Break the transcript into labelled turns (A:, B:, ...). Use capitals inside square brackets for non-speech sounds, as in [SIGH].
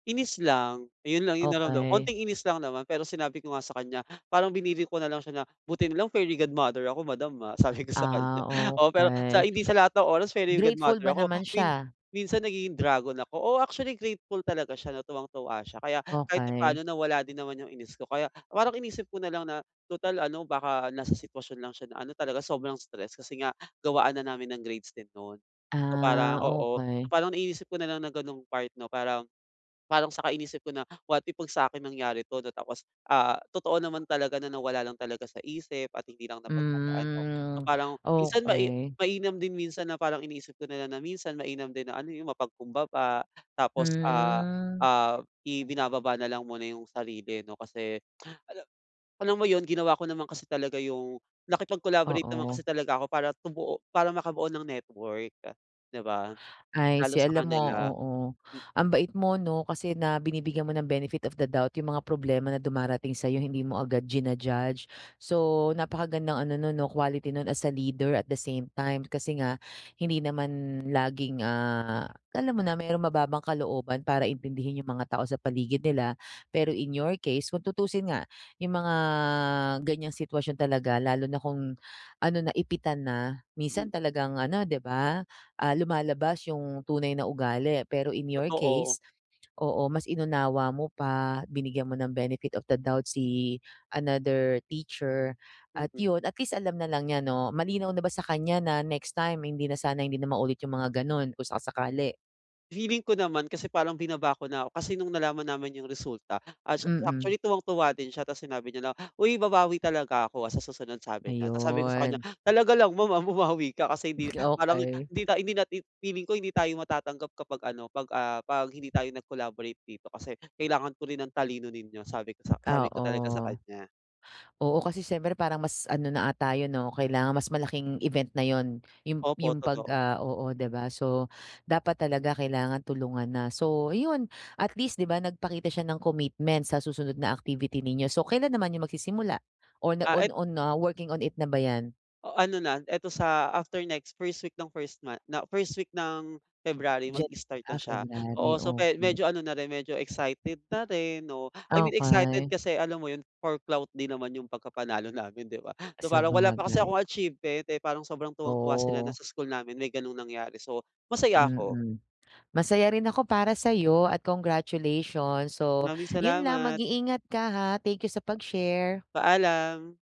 A: Inis lang, ayun lang 'yung naramdam
B: Okey.
A: konting inis lang naman, pero sinabi ko nga sa kanya parang biniro ko na lang siya na, "buti nalang fairy godmother ako madam, ah." sabi ko sa kanya,
B: Ah,
A: oo, pero
B: okey.
A: hindi sa lahat ng oras fairy
B: Grateful ba
A: godmother ako
B: naman
A: min
B: siya?
A: minsan nagiging dragon ako. Oo, actually grateful talaga siya na tuwang-tuwa siya kaya kahit
B: Okey.
A: papa'no nawala din naman 'yung inis ko kaya parang inisip ko na lang na, tutal ano baka nasa sitwasyon lang siya na ano talaga sobrang stress kasi nga gawaan na namin ng grades din no'n. So
B: Ah,
A: parang, oo, so
B: okey.
A: parang inisip ko na lang ng gano'ng part 'no, parang parang saka inisip ko na what if 'pag sa'kin nangyari 'to na tapos, ah, totoo naman talaga na nawala lang talaga sa isip at hindi lang napaghandaan 'no. So
B: Hmm,
A: parang minsan mai
B: okey.
A: mainam din minsan na parang iniisip ko na lang na minsan mainam din na ano 'yung mapagkumbaba tapos, ah
B: Hmm.
A: ah ibinababa nalang muna 'yung sarili ano kasi [SMACKS LIPS] ala alam mo 'yun ginawa ko naman kasi talaga 'yung nakipag-collaborate naman kasi
B: Oo.
A: talaga ako para tumuo para makabuo ng network, di ba?
B: I
A: Lalo
B: see.
A: sa
B: Alam mo,
A: kanila.
B: oo,
A: M
B: ang bait mo 'no, kasi na binibigyan mo ng benefit of the doubt 'yung mga problema na dumarating sa'yo hindi mo agad jina-judge. So napakagandang ano nun 'no, quality nun as a leader at the same time, kasi nga hindi naman laging, ah, alam mo na marong mababang kalooban para intindihin 'yung mga tao sa paligid nila, pero in your case, kung tutusin nga yung mga ganyang sitwasyon talaga lalo na kung ano na ipitan na minsan
A: Hmm.
B: talagang ano di ba, ah, lumalabas yung tunay na ugali. Pero in your
A: Totoo.
B: case, oo, mas inunawa mo pa binigyan mo ng benefit of the doubt si another teacher at
A: Mm.
B: yun at least alam na lang niya 'no, malinaw na ba sa kanya na next time hindi na sana hindi na maulit 'yung mga gano'n kung sakasakali?
A: Feeling ko naman kasi parang binaba ko na ako, kasi no'ng nalaman namin 'yung resulta as
B: Mm.
A: actually tuwang-tuwa din siya tapos sinabi niya na, "Uy babawi talaga ako ah, sa susunod" sabi niya, tapos sabi ko sa kanya,
B: Ayun.
A: "Talaga lang maam, ah, bumawi ka kasi hindi
B: Hmm,
A: parang
B: okey.
A: hindi ta hindi natin feeling ko hindi tayo matatanggap kapag ano 'pag, ah, 'pag hindi tayo nag-collaborate dito kasi kailangan ko rin ang talino ninyo" sabi ko sak sabi
B: Oo.
A: ko talaga sa kaniya.
B: Oo kasi siyempre parang mas ano na ata 'yun 'no kailangan mas malaking event na 'yun. 'Yung
A: Opo,
B: 'yung 'pag,
A: totoo.
B: ah oo, di ba? So dapat talaga kailangan tulungan na, so 'yun at least di ba, nagpakita siya ng commitment sa susunod na activity ninyo. So kailan naman 'yung magsisimula, o na
A: Ah,
B: on
A: it
B: on ah, working on it na ba 'yan?
A: O ano na ito sa after next 1st week ng 1st month na 1st week ng February
B: Ja
A: mag-start na
B: ah,
A: siya.
B: February,
A: Oo, so pe
B: okey.
A: medyo ano na rin medyo excited na rin, oo. I mean excited
B: Okey.
A: kasi alam mo 'yun for clout din naman 'yong pagkapanalo namin 'di ba, so parang wala pa kasi
B: Sabagay.
A: akong achievement, eh, kaya parang sobrang tuwang-tuwa sila na
B: Oh.
A: sa school namin may gano'ng nangyari, so masaya ako.
B: Mm, masaya rin ako para sa'yo at congratulations. So
A: Maraming
B: 'yun lang
A: salamat!
B: mag-iingat ka, ha. Thank you, sa pag-share.
A: Paalam!